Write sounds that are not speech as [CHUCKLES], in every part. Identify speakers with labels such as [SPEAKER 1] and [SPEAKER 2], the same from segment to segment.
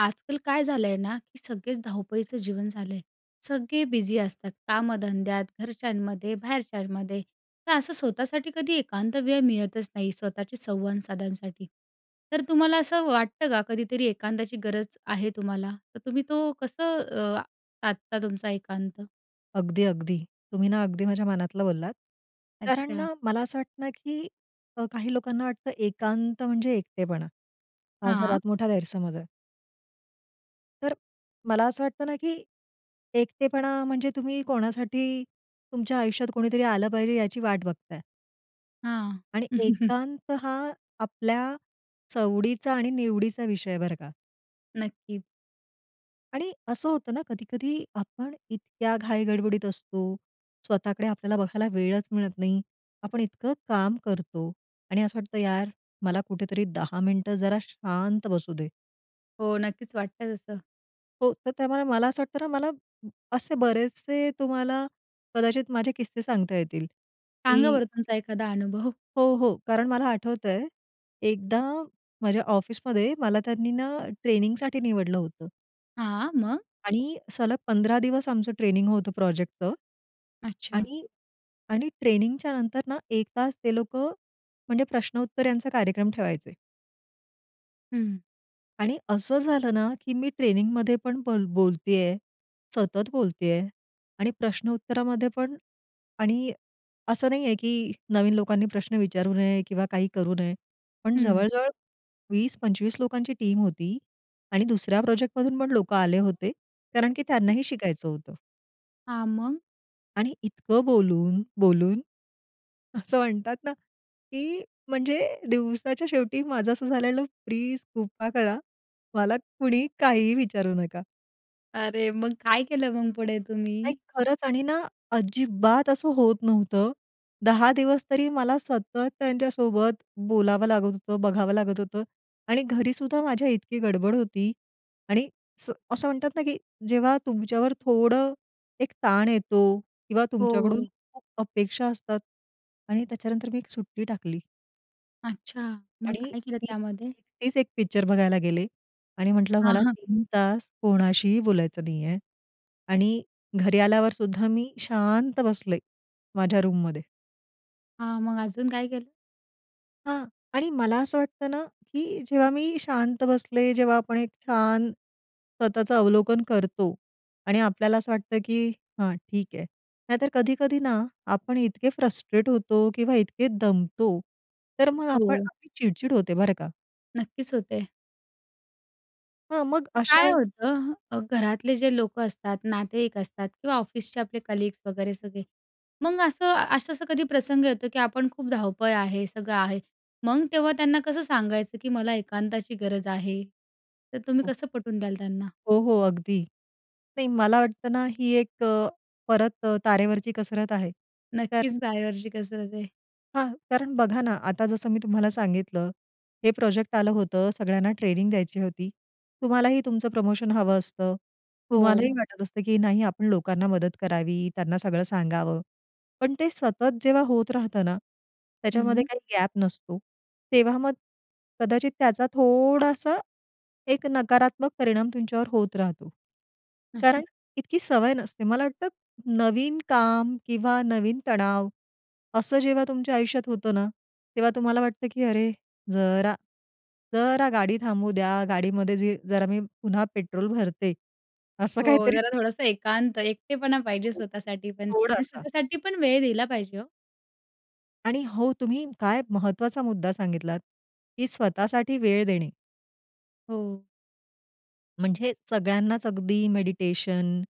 [SPEAKER 1] आजकाल काय झालंय ना, की सगळेच धावपळीचं जीवन झालंय. सगळे बिझी असतात कामधंद्यात, घरच्यांमध्ये, बाहेरच्यांमध्ये तर असं स्वतःसाठी कधी एकांत वेळ मिळतच नाही, स्वतःशी संवाद साधण्यासाठी. तर तुम्हाला असं वाटतं का? कधीतरी एकांताची गरज आहे तुम्हाला? तर तुम्ही तो कसं अ, साधता तुमचा एकांत?
[SPEAKER 2] अगदी-अगदी, तुम्ही ना अगदी माझ्या मनातलं बोललात. कारण
[SPEAKER 1] अच्छा.
[SPEAKER 2] ना, मला असं वाटतं की अ, काही लोकांना वाटतं एकांत म्हणजे एकटेपणा. हा
[SPEAKER 1] हां.
[SPEAKER 2] सर्वात मोठा गैरसमज आहे. तर मला असं वाटतं ना, की एकटेपणा म्हणजे तुम्ही कोणासाठी तुमच्या आयुष्यात कोणीतरी आलं पाहिजे याची वाट बघताय.
[SPEAKER 1] हां.
[SPEAKER 2] आणि
[SPEAKER 1] [CHUCKLES]
[SPEAKER 2] एकांत हा आपल्या सवडीचा आणि निवडीचा विषय आहे बरं का.
[SPEAKER 1] नक्कीच.
[SPEAKER 2] आणि असं होतं ना, कधी-कधी आपण इतक्या घाई गडबडीत असतो, स्वतःकडे आपल्याला बघायला वेळच मिळत नाही, आपण इतकं काम करतो आणि असं वाटतं यार, मला कुठेतरी 10 मिनिटं जरा शांत बसू दे.
[SPEAKER 1] हो, नक्कीच वाटतंय तसं.
[SPEAKER 2] हो. तर त्यामुळे मला असं वाटतं ना, मला असे बरेचसे तुम्हाला कदाचित माझे किस्से सांगता येतील,
[SPEAKER 1] सांगा
[SPEAKER 2] की
[SPEAKER 1] बरं तुम्हचा एखादा अनुभव?
[SPEAKER 2] हो, हो. कारण मला आठवतंय, एकदा माझ्या ऑफिसमध्ये मला त्यांनी ना ट्रेनिंगसाठी निवडलं होतं.
[SPEAKER 1] हां, मग?
[SPEAKER 2] आणि सलग 15 दिवस आमचं ट्रेनिंग होतं प्रोजेक्टचं.
[SPEAKER 1] अच्छा.
[SPEAKER 2] आणि आणि ट्रेनिंगच्या नंतरना 1 तास ते लोकं म्हणजे प्रश्नोत्तर यांचा कार्यक्रम ठेवायचे.
[SPEAKER 1] हं.
[SPEAKER 2] आणि असं झालं ना, की मी ट्रेनिंगमध्ये पण बोल बोलतेय, सतत बोलतेय आणि प्रश्नोत्तरामध्ये पण. आणि असं नाही आहे, की नवीन लोकांनी प्रश्न विचारू नये किंवा काही करू नये. पण
[SPEAKER 1] हं.
[SPEAKER 2] जवळ-जवळ 20-25 लोकांची टीम होती आणि दुसऱ्या प्रोजेक्टमधून पण लोकं आले होते, कारण की त्यांनाही शिकायचं होतं.
[SPEAKER 1] हां, मग?
[SPEAKER 2] आणि इतकं बोलून बोलून, असं म्हणतात ना की म्हणजे दिवसाच्या शेवटी माझं असं झालेलं, प्लीज कृपा करा, मला कुणी काहीही विचारू नका.
[SPEAKER 1] अरे! मग काय केलं मग पुढे
[SPEAKER 2] नाही,
[SPEAKER 1] तुम्ही?
[SPEAKER 2] खरंच आणि ना, अजिबात असं होत नव्हतं. 10 दिवस तरी मला सतत त्यांच्यासोबत बोलावं लागत होतं, बघावं लागत होतं आणि घरी सुद्धा माझ्या इतकी गडबड होती. आणि स असं म्हणतात ना, की जेव्हा तुमच्यावर थोडं एक ताण येतो किंवा
[SPEAKER 1] हो,
[SPEAKER 2] तुमच्याकडून
[SPEAKER 1] हो.
[SPEAKER 2] खूप अपेक्षा असतात आणि त्याच्यानंतर मी एक सुट्टी टाकली
[SPEAKER 1] अच्छा! मग
[SPEAKER 2] आणि
[SPEAKER 1] काय केलं
[SPEAKER 2] मी
[SPEAKER 1] त्यामध्ये?
[SPEAKER 2] एकटीच एक पिक्चर बघायला गेले आणि म्हटलं,
[SPEAKER 1] हां,
[SPEAKER 2] "मला
[SPEAKER 1] हां.
[SPEAKER 2] 3 तास कोणाशीही बोलायचं नाहीये." आणि घरी आल्यावर सुद्धा मी शांत बसले माझ्या रूममध्ये.
[SPEAKER 1] हां, मग अजून काय केलं?
[SPEAKER 2] हां. आणि मला असं वाटतं ना, की जेव्हा मी शांत बसले जेव्हा आपण एक छान स्वतःचं अवलोकन करतो आणि आपल्याला असं वाटतं, की "हां, ठीक आहे." नाहीतर कधी-कधी ना, आपण इतके फ्रस्ट्रेट होतो किंवा इतके दमतो, तर मग आपण
[SPEAKER 1] हो.
[SPEAKER 2] आपली चिड-चिड होते बरं का.
[SPEAKER 1] नक्कीच होते.
[SPEAKER 2] हां, मग
[SPEAKER 1] अ,
[SPEAKER 2] अशा
[SPEAKER 1] काय
[SPEAKER 2] वेळी
[SPEAKER 1] होतं अ, घरातले जे लोक असतात, नातेवाईक असतात किंवा ऑफिसचे आपले कलीग्स वगैरे सगळे. मग असं असं-असं कधी प्रसंग येतो, की आपण खूप धावपळ आहे, सगळं आहे, मग तेव्हा त्यांना कसं सांगायचं, की "मला एकांताची गरज आहे", तर तुम्ही
[SPEAKER 2] हो.
[SPEAKER 1] कसं पटवून द्याल त्यांना?
[SPEAKER 2] हो, हो अगदी. नाही, मला वाटतं ना, ही एक अ, परत अ, तारेवरची कसरत आहे,
[SPEAKER 1] नक्कीच
[SPEAKER 2] कारण
[SPEAKER 1] तारेवरची कसरत आहे.
[SPEAKER 2] हां, कारण बघा ना, आता जसं मी तुम्हाला सांगितलं, हे प्रोजेक्ट आलं होतं, सगळ्यांना ट्रेनिंग द्यायची होती. तुम्हालाही तुमचं प्रमोशन हवं असतं.
[SPEAKER 1] हो.
[SPEAKER 2] तुम्हालाही वाटत असतं, की नाही, आपण लोकांना मदत करावी, त्यांना सगळं सांगावं. पण ते सतत जेव्हा होत राहतं ना, त्याच्यामध्ये
[SPEAKER 1] हं.
[SPEAKER 2] काही गॅप नसतो, तेव्हा मग कदाचित त्याचा थोडासा एक नकारात्मक परिणाम तुमच्यावर होत राहतो.
[SPEAKER 1] हं.
[SPEAKER 2] कारण इतकी सवय नसते. मला वाटतं, नवीन काम किंवा नवीन तणाव असं जेव्हा तुमच्या आयुष्यात होतं ना, तेव्हा तुम्हाला वाटतं, की "अरे जरा जरा गाडी थांबवू द्या, गाडीमध्ये जे जरा मी पुन्हा पेट्रोल भरते," असं
[SPEAKER 1] हो,
[SPEAKER 2] काहीतरी
[SPEAKER 1] जरा थोडंसं एकांत, एकटेपणा पाहिजे
[SPEAKER 2] हो.
[SPEAKER 1] स्वतःसाठी पण आणि
[SPEAKER 2] थोडासा.
[SPEAKER 1] स्वतःसाठी पण वेळ दिला पाहिजे हो.
[SPEAKER 2] आणि हो, तुम्ही काय महत्त्वाचा मुद्दा सांगितलात, की स्वतःसाठी वेळ देणे.
[SPEAKER 1] हो.
[SPEAKER 2] म्हणजे सगळ्यांनाच अगदी मेडिटेशन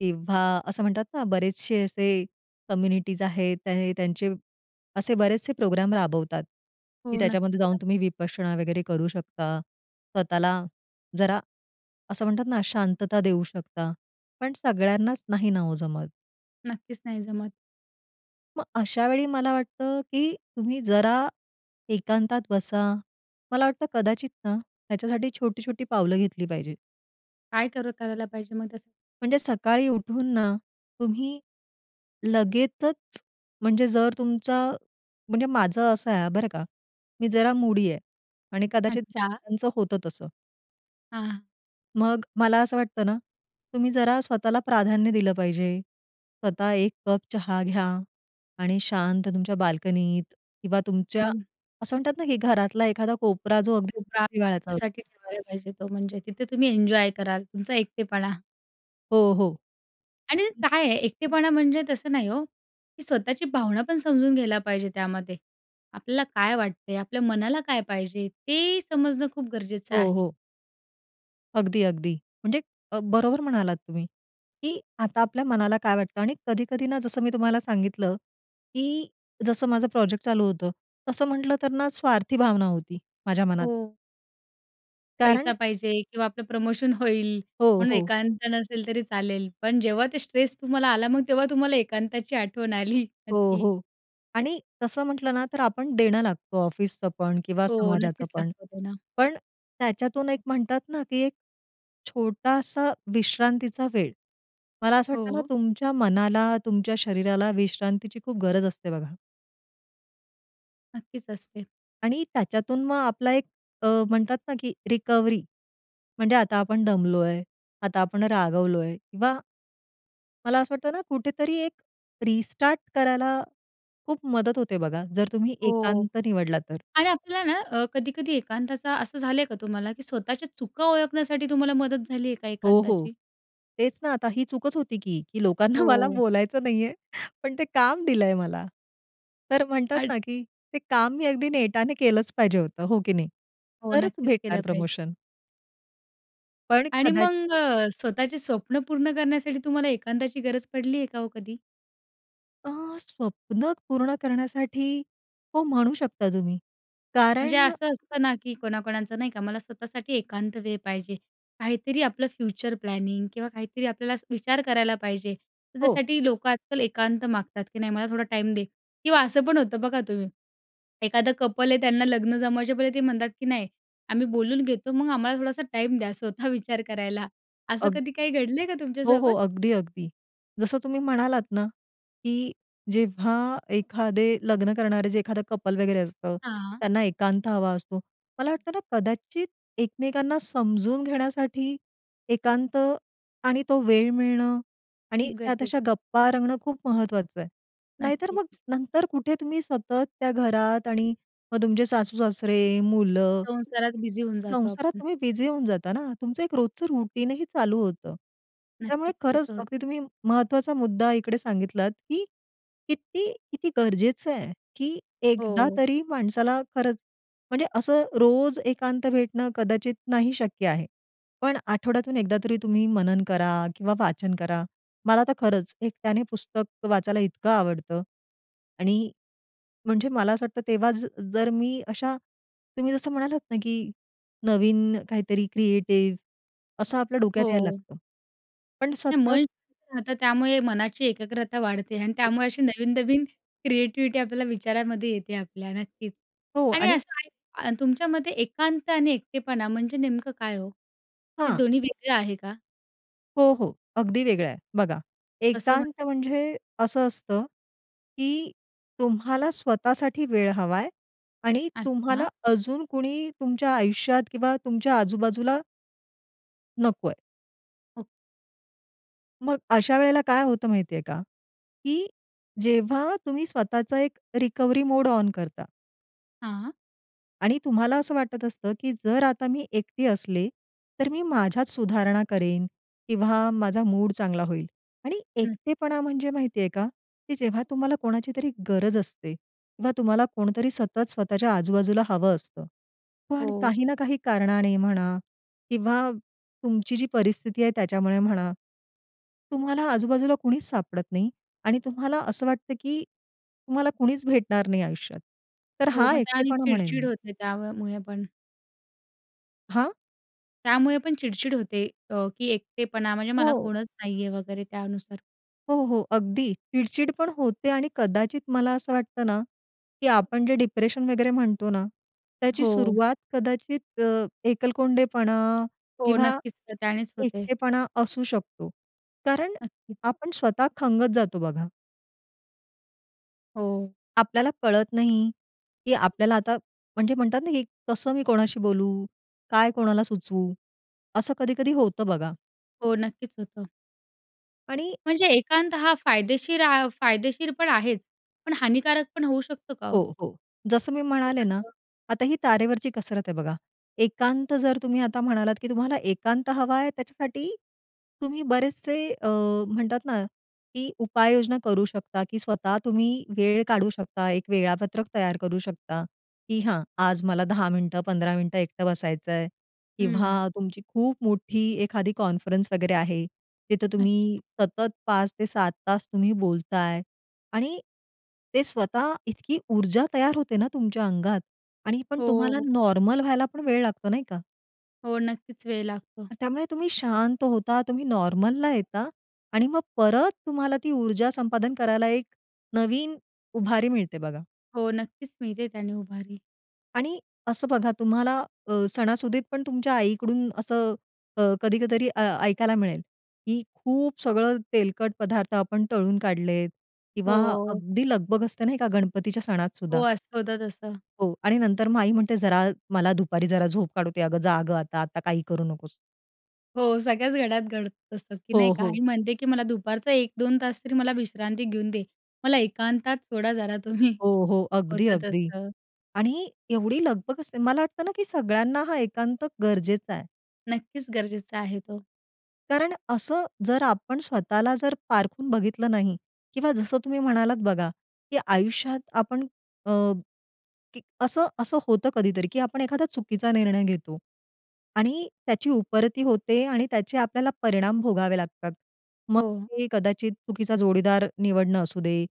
[SPEAKER 2] किंवा असं म्हणतात ना, बरेचसे असे कम्युनिटीज आहेत, त्या त्यांचे असे बरेचसे प्रोग्राम राबवतात, की
[SPEAKER 1] हो,
[SPEAKER 2] त्याच्यामध्ये
[SPEAKER 1] नक्कीच
[SPEAKER 2] जाऊन
[SPEAKER 1] रा
[SPEAKER 2] तुम्ही विपश्यना वगैरे करू शकता. स्वतःला जरा असं म्हणतात ना, शांतता देऊ शकता पण सगळ्यांनाच नाही ना ओ जमत.
[SPEAKER 1] नक्कीच नाही जमत.
[SPEAKER 2] मग अशावेळी मला वाटतं, की तुम्ही जरा एकांतात बसा. मला वाटतं कदाचित ना, ह्याच्यासाठी छोटी-छोटी पावलं घेतली पाहिजे.
[SPEAKER 1] काय कर करायला पाहिजे मग त्यास
[SPEAKER 2] म्हणजे सकाळी उठून ना, तुम्ही लगेचच म्हणजे जर तुमचा म्हणजे माझं असं आहे बरं का, मी जरा मूडी आहे आणि कदाचित
[SPEAKER 1] अच्छा.
[SPEAKER 2] त्यांचं होतं तसं.
[SPEAKER 1] हां.
[SPEAKER 2] मग मला असं वाटतं ना, तुम्ही जरा स्वतःला प्राधान्य दिलं पाहिजे. स्वतः एक कप चहा घ्या आणि शांत तुमच्या बाल्कनीत किंवा तुमच्या
[SPEAKER 1] हं.
[SPEAKER 2] असं म्हणतात ना, की घरातला एखादा कोपरा जो अगदी
[SPEAKER 1] कोपरा
[SPEAKER 2] जिव्हाळ्याचा
[SPEAKER 1] तुमच्यासाठी ठेवायला पाहिजे तो. म्हणजे तिथे तुम्ही एन्जॉय कराल तुमचा एकटेपणा.
[SPEAKER 2] हो, हो.
[SPEAKER 1] आणि
[SPEAKER 2] हं.
[SPEAKER 1] काय आहे एकटेपणा म्हणजे तसं नाही हो, की स्वतःची भावना पण समजून घ्यायला पाहिजे त्यामध्ये. आपल्याला काय वाटते? आपल्या मनाला काय पाहिजे? ते समजणं खूप गरजेचं
[SPEAKER 2] हो,
[SPEAKER 1] आहे.
[SPEAKER 2] हो. अगदी, अगदी. म्हणजे बरोबर म्हणालात तुम्ही, की आता आपल्या मनाला काय वाटतं. आणि कधी-कधी ना, जसं मी तुम्हाला सांगितलं, की जसं माझं प्रोजेक्ट चालू होतं, तसं म्हटलं तर ना स्वार्थी भावना होती, माझ्या मनात.
[SPEAKER 1] हो.
[SPEAKER 2] कारण
[SPEAKER 1] पैसा पाहिजे किंवा आपलं प्रमोशन होईल
[SPEAKER 2] हो,
[SPEAKER 1] म्हणून
[SPEAKER 2] हो.
[SPEAKER 1] एकांत नसेल तरी चालेल. पण जेव्हा ते स्ट्रेस तुम्हाला आला, मग तेव्हा तुम्हाला एकांताची आठवण आली
[SPEAKER 2] हो,
[SPEAKER 1] नक्की.
[SPEAKER 2] हो. आणि तसं म्हटलं ना, तर आपण देणं लागतो ऑफिसचं पण किंवा
[SPEAKER 1] हो,
[SPEAKER 2] समाजाचं
[SPEAKER 1] नक्कीच
[SPEAKER 2] पण.
[SPEAKER 1] लागतो देणं.
[SPEAKER 2] पण त्याच्यातून एक म्हणतात ना, की एक छोटासा विश्रांतीचा वेळ, मला असं वाटतं ना,
[SPEAKER 1] हो.
[SPEAKER 2] तुमच्या मनाला, तुमच्या शरीराला विश्रांतीची खूप गरज असते बघा.
[SPEAKER 1] नक्कीच असते.
[SPEAKER 2] आणि त्याच्यातून मग आपला एक अ, म्हणतात ना, की रिकव्हरी म्हणजे आता आपण दमलोय, आता आपण रागावलोय किंवा मला असं वाटतं ना, कुठेतरी एक रिस्टार्ट करायला खूप मदत होते बघा जर तुम्ही
[SPEAKER 1] हो.
[SPEAKER 2] एकांत निवडला तर.
[SPEAKER 1] आणि आपल्याला ना, अ, कधी-कधी एकांताचा असं झालंय का तुम्हाला, की स्वतःच्या चुका ओळखण्यासाठी तुम्हाला मदत झाली आहे का
[SPEAKER 2] हो, हो.
[SPEAKER 1] एकांताची?
[SPEAKER 2] तेच ना, आता ही चूकच होती की, की लोकांना मला
[SPEAKER 1] हो.
[SPEAKER 2] बोलायचं नाहीये पण ते काम दिलंय मला. तर म्हणतात
[SPEAKER 1] अच्
[SPEAKER 2] ना, की ते काम मी अगदी नेटाने केलंच पाहिजे होतं, हो की नाही?
[SPEAKER 1] हो,
[SPEAKER 2] तरच
[SPEAKER 1] नक्कीच
[SPEAKER 2] भेटणार
[SPEAKER 1] केलं पाहिजे.
[SPEAKER 2] प्रमोशन. पण
[SPEAKER 1] आणि
[SPEAKER 2] कदाचि
[SPEAKER 1] मग अ, स्वतःचे स्वप्न पूर्ण करण्यासाठी तुम्हाला एकांताची गरज पडली आहे का हो कधी?
[SPEAKER 2] अ, स्वप्न पूर्ण करण्यासाठी, हो, म्हणू शकता तुम्ही.
[SPEAKER 1] म्हणजे
[SPEAKER 2] कारण
[SPEAKER 1] असं असतं ना, की कोणाकोणाचं नाही का, मला स्वतःसाठी एकांत वेळ पाहिजे, काहीतरी आपलं फ्युचर प्लॅनिंग किंवा काहीतरी आपल्याला विचार करायला पाहिजे, तर
[SPEAKER 2] हो.
[SPEAKER 1] त्यासाठी लोकं आजकाल एकांत मागतात, की "नाही, मला थोडा टाईम दे." किंवा असं पण होतं बघा तुम्ही. एखादं कपल आहे त्यांना लग्न जमवायच्या पहिले ते म्हणतात, की "नाही, आम्ही बोलून घेतो, मग आम्हाला थोडासा टाईम द्या," स्वतः विचार करायला, असं
[SPEAKER 2] अग
[SPEAKER 1] कधी काही घडलंय का
[SPEAKER 2] हो, हो,
[SPEAKER 1] तुमच्यासोबत?
[SPEAKER 2] अगदी, अगदी. जसं तुम्ही म्हणालात ना, की जेव्हा एखादे लग्न करणारे जे एखादं कपल वगैरे असतं
[SPEAKER 1] हां.
[SPEAKER 2] त्यांना एकांत हवा असतो. मला वाटतं ना, कदाचित एकमेकांना समजून घेण्यासाठी एकांत आणि तो वेळ मिळणं आणि
[SPEAKER 1] खूप
[SPEAKER 2] त्यात
[SPEAKER 1] गरजेचं.
[SPEAKER 2] अशा गप्पा रंगणं खूप महत्त्वाचं आहे. नाहीतर मग
[SPEAKER 1] नक्कीच.
[SPEAKER 2] नंतर कुठे तुम्ही सतत त्या घरात आणि मग तुमचे सासू-सासरे, मुलं,
[SPEAKER 1] संसारात बिझी होऊन जातो
[SPEAKER 2] संसारात
[SPEAKER 1] आपण.
[SPEAKER 2] तुम्ही बिझी होऊन जाता ना. तुमचं एक रोजचं रूटीनही चालू होतं, त्यामुळे
[SPEAKER 1] नक्कीच,
[SPEAKER 2] खरंच
[SPEAKER 1] तसं होतं.
[SPEAKER 2] अगदी तुम्ही महत्त्वाचा मुद्दा इकडे सांगितलात, की किती किती गरजेचं आहे, की एकदा
[SPEAKER 1] हो.
[SPEAKER 2] तरी माणसाला खरंच, म्हणजे असं रोज एकांत भेटणं कदाचित नाही शक्य आहे. पण आठवड्यातून एकदा तरी तुम्ही मनन करा किंवा वाचन करा. मला तर खरंच एकट्याने पुस्तक वाचायला इतकं आवडतं आणि म्हणजे मला असं वाटतं, तेव्हा जर मी अशा तुम्ही जसं म्हणालात ना, की नवीन काहीतरी क्रिएटिव्ह असं आपल्या डोक्यात यायला
[SPEAKER 1] हो.
[SPEAKER 2] लागतं. पण सतत
[SPEAKER 1] मन शांत राहतं त्यामुळे मनाची एकाग्रता वाढते आणि
[SPEAKER 2] हो,
[SPEAKER 1] त्यामुळे अशी
[SPEAKER 2] हो.
[SPEAKER 1] नवीन-नवीन क्रिएटिव्हिटी आपल्याला विचारामध्ये येते आपल्या नक्कीच.
[SPEAKER 2] हो.
[SPEAKER 1] आणि
[SPEAKER 2] आणि
[SPEAKER 1] असं तुमच्या मते एकांत आणि एकटेपणा म्हणजे नेमकं काय हो? हे
[SPEAKER 2] हां.
[SPEAKER 1] दोन्ही वेगळं आहे का?
[SPEAKER 2] हो, हो. अगदी वेगळा आहे. बघा,
[SPEAKER 1] कसं
[SPEAKER 2] एकांत
[SPEAKER 1] म्हणजे?
[SPEAKER 2] म्हणजे असं असतं, की तुम्हाला स्वतःसाठी वेळ हवा आहे आणि
[SPEAKER 1] अच्छा.
[SPEAKER 2] तुम्हाला अजून कोणी तुमच्या आयुष्यात किंवा तुमच्या आजूबाजूला नको आहे.
[SPEAKER 1] हो.
[SPEAKER 2] मग अशा वेळेला काय होतं माहिती आहे का? की जेव्हा तुम्ही स्वतःचा एक रिकव्हरी मोड ऑन करता
[SPEAKER 1] हां.
[SPEAKER 2] आणि तुम्हाला असं वाटत असतं, की जर आता मी एकटी असले, तर मी माझ्यात सुधारणा करेन किंवा माझा मूड चांगला होईल. आणि
[SPEAKER 1] हं.
[SPEAKER 2] एकटेपणा म्हणजे माहिती आहे का, की जेव्हा तुम्हाला कोणाची तरी गरज असते किंवा तुम्हाला कोणतरी सतत स्वतःच्या आजूबाजूला हवं असतं. पण
[SPEAKER 1] हो.
[SPEAKER 2] काही ना काही कारणाने म्हणा किंवा तुमची जी परिस्थिती आहे त्याच्यामुळे म्हणा, तुम्हाला आजूबाजूला कुणीच सापडत नाही आणि तुम्हाला असं वाटतं की तुम्हाला कुणीच भेटणार नाही आयुष्यात. तर
[SPEAKER 1] हो,
[SPEAKER 2] हा
[SPEAKER 1] मग ते आणि
[SPEAKER 2] एकटेपणा म्हणेन
[SPEAKER 1] चिड-चिड
[SPEAKER 2] मी.
[SPEAKER 1] होते त्यावर मुळे पण.
[SPEAKER 2] हां?
[SPEAKER 1] त्यामुळे पण चिड-चिड होते अ, की एकटेपणा म्हणजे मला
[SPEAKER 2] हो.
[SPEAKER 1] कोणच नाही आहे, वगैरे त्यानुसार.
[SPEAKER 2] हो, हो. अगदी चिड-चिड पण होते आणि कदाचित मला असं वाटतं ना, की आपण जे डिप्रेशन वगैरे म्हणतो ना, त्याची
[SPEAKER 1] हो.
[SPEAKER 2] सुरुवात कदाचित अ, एकलकोंडेपणा
[SPEAKER 1] हो.
[SPEAKER 2] किंवा
[SPEAKER 1] नक्कीच, तर त्यानेच होते.
[SPEAKER 2] एकटेपणा असू शकतो कारण
[SPEAKER 1] नक्कीच.
[SPEAKER 2] आपण स्वतः खंगत जातो बघा.
[SPEAKER 1] हो.
[SPEAKER 2] आपल्याला कळत नाही, की आपल्याला आता म्हणजे म्हणतात ना की कसं मी कोणाशी बोलू? काय कोणाला सुचवू? असं कधी-कधी होतं बघा.
[SPEAKER 1] हो, नक्कीच होतं.
[SPEAKER 2] आणि
[SPEAKER 1] म्हणजे एकांत हा फायदेशीर आ, फायदेशीर पण आहेच पण हानीकारक पण होऊ शकतो का हो?
[SPEAKER 2] हो, हो. जसं मी
[SPEAKER 1] ते
[SPEAKER 2] म्हणाले ना,
[SPEAKER 1] कसं?
[SPEAKER 2] आता ही तारेवरची कसरत आहे. बघा एकांत जर तुम्ही आता म्हणालात की तुम्हाला एकांत हवा आहे त्याच्यासाठी तुम्ही बरेचसे अ, म्हणतात ना की उपाययोजना करू शकता की स्वतः तुम्ही वेळ काढू शकता, एक वेळापत्रक तयार करू शकता, की हां, आज मला 10 मिनिटं 15 मिनिटं एकटं बसायचं आहे किंवा
[SPEAKER 1] हं.
[SPEAKER 2] तुमची खूप मोठी एखादी कॉन्फरन्स वगैरे आहे. तिथं तुम्ही
[SPEAKER 1] अच्छा.
[SPEAKER 2] सतत 5 ते 7 तास तुम्ही बोलताय आणि ते स्वतः इतकी ऊर्जा तयार होते ना तुमच्या अंगात आणि पण
[SPEAKER 1] हो,
[SPEAKER 2] तुम्हाला
[SPEAKER 1] हो.
[SPEAKER 2] नॉर्मल व्हायला पण वेळ लागतो. नाही का?
[SPEAKER 1] हो, नक्कीच, वेळ लागतो.
[SPEAKER 2] त्यामुळे तुम्ही शांत होता. तुम्ही नॉर्मलला येता आणि मग परत तुम्हाला ती ऊर्जा संपादन करायला एक नवीन उभारी मिळते, बघा.
[SPEAKER 1] हो, नक्कीच, मिळते त्याने उभारी.
[SPEAKER 2] आणि असं बघा, तुम्हाला अ, सणासुदीत पण तुमच्या आईकडून असं, अ, कधी क तरी अ, ऐकायला मिळेल, की खूप सगळं तेलकट पदार्थ आपण तळून काढलेत किंवा
[SPEAKER 1] हो.
[SPEAKER 2] अगदी लगबग असते ना एका गणपतीच्या सणात
[SPEAKER 1] हो,
[SPEAKER 2] सुद्धा.
[SPEAKER 1] असं होतं तसं.
[SPEAKER 2] हो, आणि नंतर मग आई म्हणते, "जरा मला दुपारी जरा झोप काढू दे अगं, जा गं आता. आता काही करू नकोस."
[SPEAKER 1] हो, सगळ्याच घरात घडतं असतं की नाही,
[SPEAKER 2] हो, हो.
[SPEAKER 1] आई म्हणते की "मला दुपारचा 1-2 तास तरी मला विश्रांती घेऊन दे. मला एकांतात सोडा जरा" "तुम्ही."
[SPEAKER 2] हो, हो, अगदी,
[SPEAKER 1] होतं
[SPEAKER 2] अगदी.
[SPEAKER 1] तसं.
[SPEAKER 2] आणि एवढी लगबग असते मला वाटतं ना, की सगळ्यांना हा एकांत गरजेचा आहे.
[SPEAKER 1] नक्कीच, गरजेचा आहे तो.
[SPEAKER 2] कारण असं, जर आपण स्वतःला जर पारखून बघितलं नाही किंवा जसं तुम्ही म्हणालात बघा, की आयुष्यात आपण अ, की असं असं होतं कधीतरी, की आपण एखादा चुकीचा निर्णय घेतो आणि त्याची उपरती होते आणि त्याचे आपल्याला परिणाम भोगावे लागतात. मग
[SPEAKER 1] हो.
[SPEAKER 2] ते कदाचित चुकीचा जोडीदार निवडणं असू दे,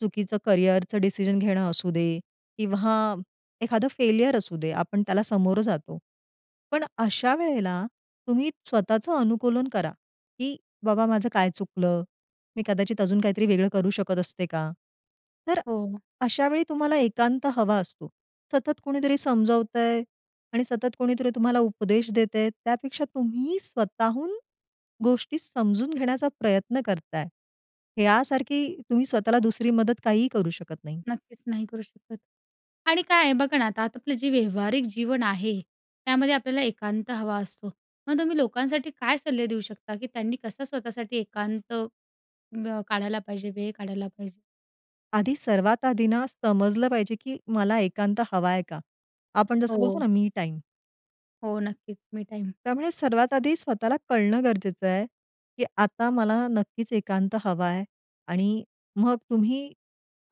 [SPEAKER 2] चुकीचं करियरचं डिसिजन घेणं असू दे किंवा एखादं फेलियर असू दे, आपण त्याला समोरं जातो. पण अशा वेळेला तुम्ही स्वतःचं अनुकूलन करा, की बाबा माझं काय चुकलं, मी कदाचित अजून काहीतरी वेगळं करू शकत असते का? तर
[SPEAKER 1] हो.
[SPEAKER 2] अशा वेळी तुम्हाला एकांत हवा असतो. सतत कोणीतरी समजवतंय आणि सतत कोणीतरी तुम्हाला उपदेश देतंय, त्यापेक्षा तुम्ही स्वतःहून गोष्टी समजून घेण्याचा प्रयत्न करताय, ह्यासारखी तुम्ही स्वतःला दुसरी मदत काहीही करू शकत नाही.
[SPEAKER 1] नक्कीच, नाही करू शकत. आणि काय आहे, बघा ना, आता आपलं जे व्यावहारिक जीवन आहे, त्यामध्ये आपल्याला एकांत हवा असतो. मग तुम्ही लोकांसाठी काय सल्ले देऊ शकता, की त्यांनी कसं स्वतःसाठी एकांत, अ, काढायला पाहिजे, वेळ काढायला पाहिजे?
[SPEAKER 2] आधी सर्वात आधी ना, समजलं पाहिजे, की मला एकांत हवा आहे का? आपण जसं बोलतो
[SPEAKER 1] हो.
[SPEAKER 2] ना, मी टाइम.
[SPEAKER 1] हो, नक्कीच, मी टाईम.
[SPEAKER 2] त्यामुळे सर्वात आधी स्वतःला कळणं गरजेचं आहे, की आता मला नक्कीच एकांत हवा आहे. आणि मग तुम्ही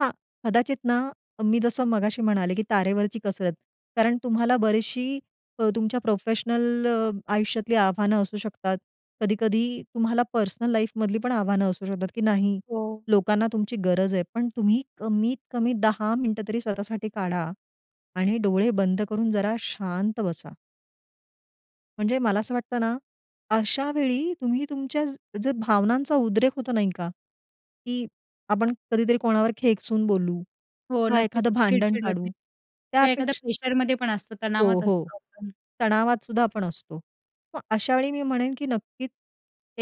[SPEAKER 2] हां, कदाचित ना, मी जसं मगाशी म्हणाले, की तारेवरची कसरत. कारण तुम्हाला बरीचशी अ, तुमच्या प्रोफेशनल आयुष्यातली आव्हानं असू शकतात. कधी-कधी तुम्हाला पर्सनल लाईफमधली पण आव्हानं असू शकतात, की नाही
[SPEAKER 1] हो.
[SPEAKER 2] लोकांना तुमची गरज आहे. पण तुम्ही कमीत कमी 10 मिनिटं तरी स्वतःसाठी काढा आणि डोळे बंद करून जरा शांत बसा. म्हणजे मला असं वाटतं ना, अशा वेळी तुम्ही तुमच्या जर भावनांचा उद्रेक होतो नाही का, की आपण कधीतरी कोणावर खेकसून बोलू,
[SPEAKER 1] हो,
[SPEAKER 2] का
[SPEAKER 1] नक्कीच
[SPEAKER 2] एखादं
[SPEAKER 1] होतं.
[SPEAKER 2] भांडण
[SPEAKER 1] चिड-चिड होते.
[SPEAKER 2] काढू.
[SPEAKER 1] किंवा एखाद्या
[SPEAKER 2] त्यापेक्षा
[SPEAKER 1] प्रेशरमध्ये पण असतो,
[SPEAKER 2] हो,
[SPEAKER 1] तणावात
[SPEAKER 2] हो,
[SPEAKER 1] असतो आपण.
[SPEAKER 2] तणावातसुद्धा आपण असतो. मग अशा वेळी मी म्हणेन, की नक्कीच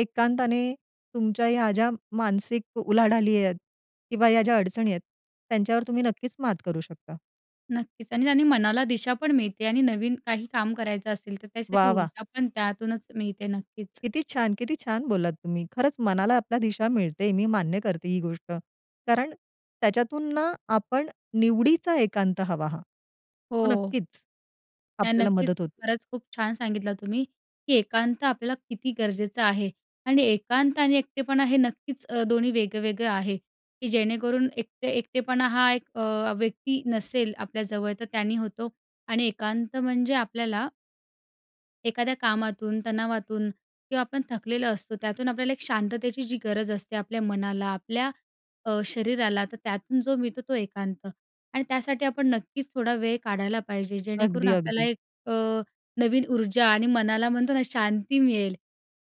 [SPEAKER 2] एकांताने तुमच्या ह्या ज्या मानसिक उलाढाली आहेत किंवा या ज्या अडचणी आहेत, त्यांच्यावर तुम्ही नक्कीच मात करू शकता.
[SPEAKER 1] नक्कीच आणि त्यांनी मनाला दिशा पण मिळते आणि नवीन काही काम करायचं असेल, तर त्यासाठी
[SPEAKER 2] वाह! वाह!
[SPEAKER 1] ऊर्जा पण त्यातूनच मिळते. नक्कीच.
[SPEAKER 2] किती छान किती छान बोललात तुम्ही. खरंच मनाला आपल्या दिशा मिळते, मी मान्य करते ही गोष्ट, कारण त्याच्यातून ना आपण निवडीचा एकांत हवा हा हो
[SPEAKER 1] हो.
[SPEAKER 2] नक्कीच
[SPEAKER 1] नाही,
[SPEAKER 2] आपल्याला
[SPEAKER 1] नक्कीच.
[SPEAKER 2] मदत होते.
[SPEAKER 1] खरंच खूप छान सांगितलं तुम्ही की एकांत आपल्याला किती गरजेचं आहे आणि एकांत आणि एकटेपणा हे नक्कीच अ, दोन्ही वेगवेगळं आहे, की जेणेकरून एकटे एकटेपणा हा एक अ, व्यक्ती नसेल आपल्याजवळ तर त्याने होतो आणि एकांत म्हणजे आपल्याला एखाद्या कामातून, तणावातून किंवा आपण थकलेलो असतो, त्यातून आपल्याला एक शांततेची जी गरज असते आपल्या मनाला, आपल्या अ, शरीराला, तर त्यातून जो मिळतो तो एकांत आणि त्यासाठी आपण नक्कीच थोडा वेळ काढायला पाहिजे. जेणेकरून
[SPEAKER 2] अगदी,
[SPEAKER 1] आपल्याला
[SPEAKER 2] अगदी.
[SPEAKER 1] एक अ, नवीन ऊर्जा आणि मनाला म्हणतो ना, शांती मिळेल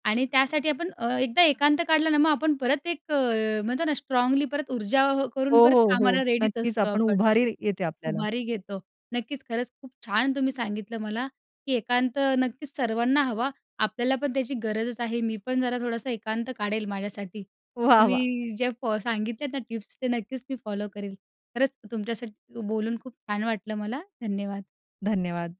[SPEAKER 1] आणि त्यासाठी आपण अ, एकदा एकांत काढलं ना, मग आपण परत एक अ, म्हणतो ना, स्ट्राँगली परत ऊर्जा करून
[SPEAKER 2] हो,
[SPEAKER 1] परत
[SPEAKER 2] हो, हो,
[SPEAKER 1] कामाला रेडीच
[SPEAKER 2] नक्कीच,
[SPEAKER 1] असतो
[SPEAKER 2] आपण
[SPEAKER 1] आपण.
[SPEAKER 2] उभारी येते आपल्याला.
[SPEAKER 1] उभारी घेतो. नक्कीच, खरंच खूप छान तुम्ही सांगितलं मला, की एकांत नक्कीच सर्वांना हवा. आपल्याला पण त्याची गरजच आहे. मी पण जरा थोडासा एकांत काढेल माझ्यासाठी.
[SPEAKER 2] वाह! वाह!
[SPEAKER 1] तुम्ही जे फ सांगितलेत ना टिप्स, ते नक्कीच मी फॉलो करेल. खरंच तुमच्यासाठी बोलून खूप छान वाटलं मला. धन्यवाद.
[SPEAKER 2] धन्यवाद.